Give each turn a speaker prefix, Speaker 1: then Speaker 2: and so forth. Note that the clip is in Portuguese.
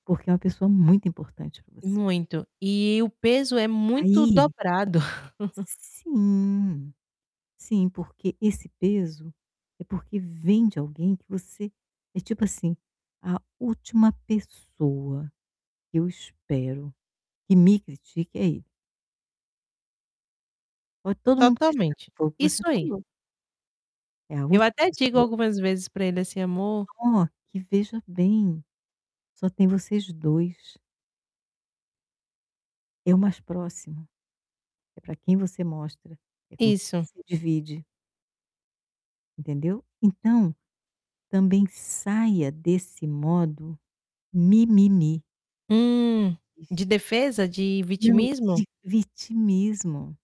Speaker 1: Porque é uma pessoa muito importante pra você.
Speaker 2: Muito, e o peso é muito
Speaker 1: Aí
Speaker 2: dobrado.
Speaker 1: Sim, sim, porque esse peso é porque vem de alguém que você é tipo assim, a última pessoa que eu espero que me critique é ele. Pode todo mundo me criticar,
Speaker 2: Totalmente,
Speaker 1: foi o que você
Speaker 2: isso aí.
Speaker 1: falou. É a
Speaker 2: Eu
Speaker 1: última
Speaker 2: até digo
Speaker 1: pessoa
Speaker 2: algumas vezes pra ele, assim: "Amor"
Speaker 1: Só que veja bem, só tem vocês 2. É o mais próximo, é pra quem você mostra, é com quem
Speaker 2: Isso.
Speaker 1: você divide. Entendeu? Então, também saia desse modo mimimi.
Speaker 2: Hum, de defesa, de
Speaker 1: Não,
Speaker 2: vitimismo?
Speaker 1: de vitimismo.